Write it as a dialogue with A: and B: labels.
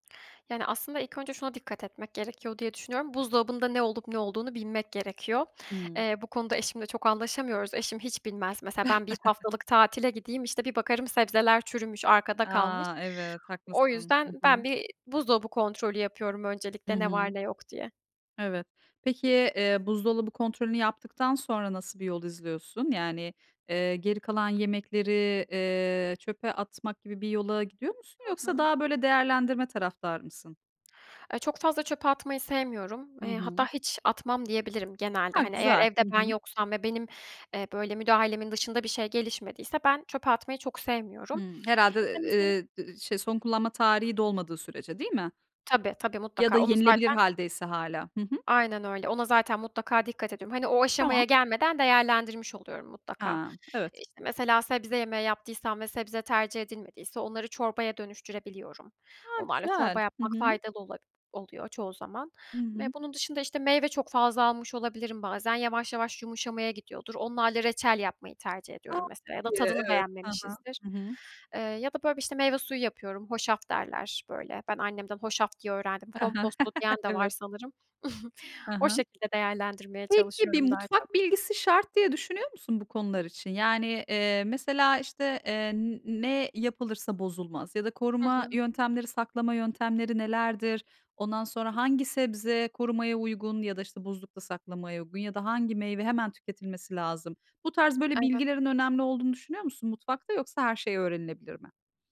A: Yani, aslında ilk önce şuna dikkat etmek gerekiyor diye düşünüyorum. Buzdolabında ne olup ne olduğunu bilmek gerekiyor.
B: Hıı.
A: Eee, bu konuda eşimle çok anlaşamıyoruz. Eşim hiç bilmez. Mesela ben bir haftalık tatile gideyim, işte, bir bakarım sebzeler çürümüş, arkada kalmış.
B: A, evet,
A: O
B: haklısın. Hı
A: yüzden
B: hı.
A: ben bir buzdolabı kontrolü yapıyorum
B: Hı
A: öncelikle, ne var
B: hı.
A: ne yok diye.
B: Evet. Peki, eee, buzdolabı kontrolünü yaptıktan sonra nasıl bir yol izliyorsun? Yani, eee, geri kalan yemekleri, eee, çöpe atmak gibi bir yola gidiyor musun?
A: Hı
B: Yoksa
A: hı.
B: daha böyle değerlendirme taraftarı mısın?
A: Ay, çok fazla çöpe atmayı sevmiyorum.
B: Hı
A: Eee, hatta
B: hı.
A: hiç atmam diyebilirim genelde.
B: A,
A: Hani, eğer
B: güzel.
A: evde
B: Hı
A: ben
B: hı.
A: yoksam ve benim, eee, böyle müdahalemin dışında bir şey gelişmediyse ben çöpe atmayı çok sevmiyorum.
B: Hımm. Herhâlde,
A: [unintelligible]
B: eee, şe son kullanma tarihi dolmadığı sürece değil mi?
A: Tabii, tabii,
B: Ya da
A: mutlaka onu
B: yenilebilir
A: zaten
B: haldeyse hâlâ. Hı hı.
A: aynen öyle. Ona zaten mutlaka dikkat ediyorum. Hani, o
B: Tamam.
A: aşamaya gelmeden değerlendirmiş oluyorum mutlaka.
B: Ha, evet.
A: İşte mesela sebze yemeği yaptıysam ve sebze tercih edilmediyse onları çorbaya dönüştürebiliyorum.
B: A,
A: Onlarla çorba
B: güzel. Hı
A: yapmak
B: hı.
A: faydalı ola oluyor çoğu zaman.
B: Hı
A: Ve
B: hı.
A: bunun dışında, işte, meyve çok fazla almış olabilirim bazen, yavaş yavaş yumuşamaya gidiyordur. Onlarla reçel yapmayı tercih
B: A,
A: ediyorum
B: çok
A: mesela ya da
B: iyi.
A: tadını
B: Evet. Hı hı.
A: beğenmemişizdir.
B: Hı hı.
A: Eee, ya da böyle bir, işte, meyve suyu yapıyorum, "hoşaf" derler, böyle. Ben annemden hoşaf diye öğrendim.
B: Hı hı.
A: Komposto diyen de var
B: Evet.
A: sanırım.
B: Hı
A: O
B: hı.
A: şekilde değerlendirmeye
B: Peki bir
A: çalışıyorum daha çok.
B: mutfak bilgisi şart diye düşünüyor musun bu konular için? Yani, eee, mesela işte, eee, n ne yapılırsa bozulmaz ya da
A: Hı
B: koruma
A: hı.
B: yöntemleri, saklama yöntemleri nelerdir? Ondan sonra hangi sebze korumaya uygun ya da, işte, buzlukta saklamaya uygun ya da hangi meyve hemen tüketilmesi lazım? Bu tarz böyle
A: Evet.
B: bilgilerin önemli olduğunu düşünüyor musun mutfakta? Yoksa her şey öğrenilebilir mi?